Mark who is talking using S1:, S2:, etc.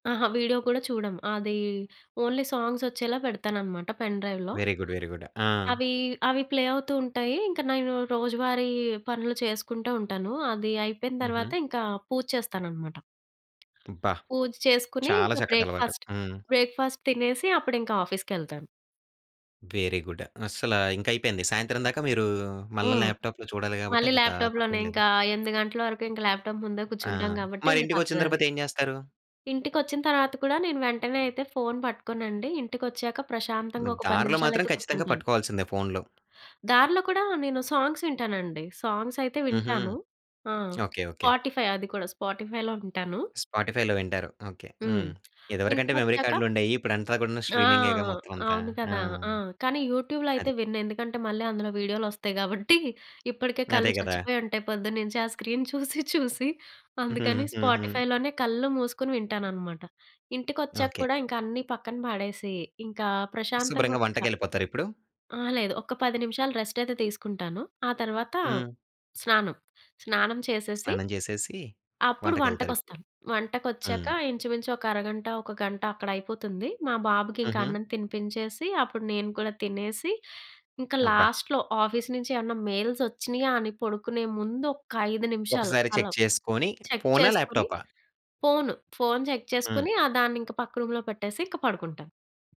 S1: అహ! వీడియో కూడా చూడము. అది ఓన్లీ సాంగ్స్ ఒచ్చేలా పెడతాననమాట పెన్ డ్రైవ్‌లో.
S2: Very good. Very good. ఆ!
S1: అవి అవి ప్లే అవుతూ ఉంటాయి. ఇంకా నేను రోజువారీ పనులు చేసుకుంటా ఉంటాను. అది అయిపోయిన
S2: హుహు.
S1: తరువాత ఇంకా పూజ చేస్తాననమాట.
S2: అబ్బా!
S1: పూజ చేసుకొని,
S2: చాలా
S1: ఇంకా
S2: చక్కటి అలవాటు.
S1: బ్రేక్‌ఫాస్ట్,
S2: హ్మ్.
S1: బ్రేక్‌ఫాస్ట్ తినేసి అప్పుడింకా ఆఫీస్‌కెళ్తాను.
S2: Very good. అస్సలా ఇంకైపోయింది. సాయంత్రం దాకా మీరు మళ్ళా
S1: హ్మ్.
S2: ల్యాప్‌టాప్‌లో చూడాలి గాబట్టి
S1: మళ్ళీ
S2: అది త
S1: ల్యాప్‌టాప్‌లోనే
S2: తప్పేం లేదు.
S1: ఇంకా 8 గంటల వరకు ఇంకా ల్యాప్‌టాప్ ముందే
S2: ఆ!
S1: కూర్చుంటాం గాబట్టే,
S2: మరి
S1: ఇంక
S2: ఇంటికొచ్చిన
S1: తప్పదది.
S2: తరువాత ఏం జేస్తారు?
S1: ఇంటికొచ్చిన తర్వాత కూడా నేను వెంటనే అయితే ఫోన్ పట్టుకోనండి. ఇంటికొచ్చాక
S2: గ
S1: ప్రశాంతంగా ఒక 10
S2: దారిలో మాత్రం
S1: నిమిషాలయితే
S2: ఖచ్చితంగా
S1: కూర్చుంటాను.
S2: పట్టుకోవాల్సిందే ఫోన్‌‌లో.
S1: దారిలో కూడా నేను సాంగ్స్ వింటానండి. సాంగ్స్ అయితే
S2: హుహు.
S1: వింటాను. ఆ!
S2: ఓకే. ఓకే.
S1: స్పాటిఫై అది కూడా. స్పాటిఫై‌లో వింటాను.
S2: స్పాటిఫై‌లో వింటారు. ఓకే.
S1: హ్మ్.
S2: హ్మ్. ఇదివరకంటే మెమరీ
S1: ఇంటికొచ్చాక
S2: కార్డులు ఉండేయి. ఇప్పుడంతా గూడాను
S1: ఆ!
S2: స్ట్రీమింగే‌గా మొత్తం అంతా.
S1: అవును
S2: ఆ!
S1: కదా! ఆ! కానీ యూట్యూబ్‌లో అయితే
S2: అది.
S1: విన్ను. ఎందుకంటే మళ్ళీ అందులో వీడియోలొస్తయి గాబట్టి, ఇప్పడికే
S2: అదే
S1: కళ్ళు
S2: గదా!
S1: చచ్చిపోయి ఉంటయి పొద్దున్నుంచి ఆ స్క్రీన్ చూసి చూసి. అందుకని స్పాటిఫైలోనే కళ్ళు మూసుకొని వింటాననమాట.
S2: ఓకే.
S1: ఇంటికొచ్చా‌క్కూడా ఇంకా అన్నీ పక్కన పాడేసి, ఇంకా ప్రశాంతంగా
S2: శుభ్రంగా
S1: ఒక్క
S2: వంటకెళ్ళిపోతారా ఇప్పుడు?
S1: ఆ! లేదు. ఒక్క 10 నిమిషాలు రెస్ట్ అయితే తీసుకుంటాను. ఆ తరువాత
S2: హ్మ్.
S1: స్నానం. స్నానం చేసేసి,
S2: స్నానం జేసేసి
S1: అప్పుడు
S2: వంటకెళ్తారిప్పుడు.
S1: వంటకొస్తాను. వంటకొచ్చాక
S2: హ్మ్.
S1: ఇంచుమించు ఒక అరగంట, ఒక గంట అక్కడ అయిపోతుంది. మా బాబుకి ఇంకా
S2: హుహు.
S1: అన్నం తినిపించేసి, అప్పుడు నేను కూడా తినేసి, ఇంక
S2: అబ్బా!
S1: లాస్ట్‌లో ఆఫీస్ నుంచి ఏవన్నా మెయిల్స్ ఒచ్చినియా అని పడుకునే ముందు ఒక్క 5 నిమిషాలు
S2: ఒకసారి
S1: అలా
S2: చెక్ చేసుకొని,
S1: చెక్
S2: ఫోనా?
S1: చేసుకొని,
S2: ల్యాప్‌టాపా?
S1: ఫోను, ఫోన్ చెక్
S2: హ్మ్.
S1: చేసుకొని ఆ! దాన్నింక పక్క రూమ్‌లో పెట్టేసి ఇంక పడుకుంటాను.